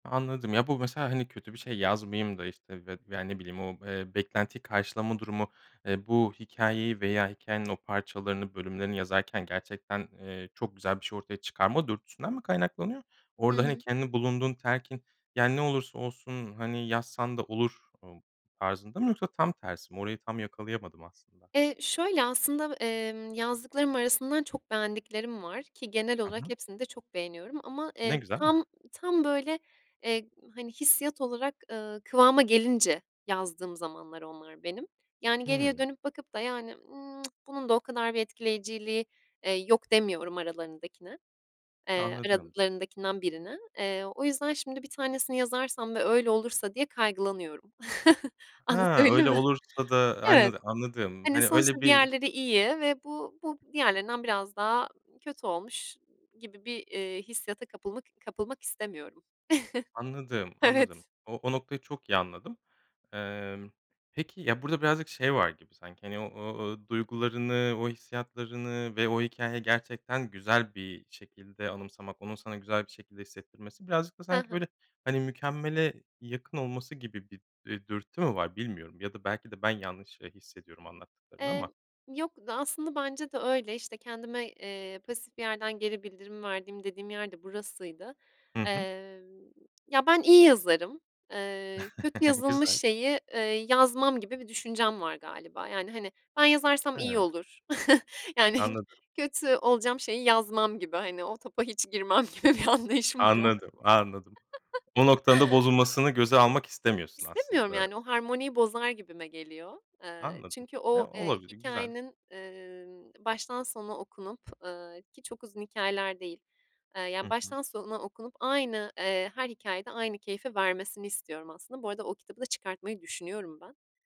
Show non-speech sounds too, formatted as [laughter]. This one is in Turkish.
Anladım ya bu, mesela, hani, kötü bir şey yazmayayım da, işte, veya, ne bileyim, o, eee, beklentiyi karşılama durumu, eee, bu hikayeyi veya hikayenin o parçalarını, bölümlerini yazarken gerçekten, eee, çok güzel bir şey ortaya çıkarma dürtüsünden mi kaynaklanıyor? Hı Orada, hani, hı. kendi bulunduğun telkin, yani ne olursa olsun, hani, yazsan da olur, ımm, tarzında mı yoksa tam tersi mi, orayı tam yakalayamadım aslında. Eee, şöyle aslında, emm, yazdıklarım arasından çok beğendiklerim var, ki genel Hı olarak hı. hepsini de çok beğeniyorum ama, Ne eee, güzel. tam, [chuckles] tam böyle, eee, hani, hissiyat olarak, ııı, kıvama gelince yazdığım zamanlar onlar benim. Yani geriye Hıı. dönüp bakıp da yani, ııı, [tsk] "bunun da o kadar bir etkileyiciliği, eee, yok" demiyorum aralarındakine, eee, Anladım onu. aralarındakinden birine. Eee, o yüzden şimdi bir tanesini yazarsam ve öyle olursa diye kaygılanıyorum. [chuckles] Ha, Anlatabildim öyle mi? olursa da, Evet, hani, anladım, hani, hani, öyle sonuçta bir diğerleri iyi ve bu bu diğerlerinden biraz daha kötü olmuş gibi bir, eee, hissiyata kapılmak kapılmak istemiyorum. Anladım, [chuckles] anladım. Evet. O o noktayı çok iyi anladım. Emm, peki, ya, burada birazcık şey var gibi sanki, hani, o o duygularını, o hissiyatlarını ve o hikâyeyi gerçekten güzel bir şekilde anımsamak, onun sana güzel bir şekilde hissettirmesi birazcık da Hı sanki hı. böyle, hani, mükemmele yakın olması gibi bir, eee, dürtü mü var bilmiyorum ya da belki de ben yanlış, eee, hissediyorum anlattıklarını Emm. ama. Yok da aslında bence de öyle, işte kendime, eee, pasif bir yerden geri bildirim verdiğim dediğim yer de burasıydı. Hı hı. Emm, ya ben iyi yazarım. Eee, kötü [chuckles] yazılmış Güzel. şeyi, eee, yazmam gibi bir düşüncem var galiba. Yani, hani, ben yazarsam iyi Hıı. olur. [chuckles] Yani Anladım. kötü olacağım şeyi yazmam gibi, hani, o topa hiç girmem gibi bir anlayışım var, anladın mı? Anladım. Anladım. O [chuckles] noktanın da bozulmasını göze almak istemiyorsun İstemiyorum aslında. yani, o harmoniyi bozar gibime geliyor. Eee, Anladım, çünkü eee, o, eee, olabilir, güzel. hikâyenin, eee, baştan sona okunup, ııı, ki çok uzun hikâyeler değil, Hı ya hı. baştan sona okunup aynı, eee, her hikâyede aynı keyfi vermesini istiyorum aslında. Bu arada o kitabı da çıkartmayı düşünüyorum ben.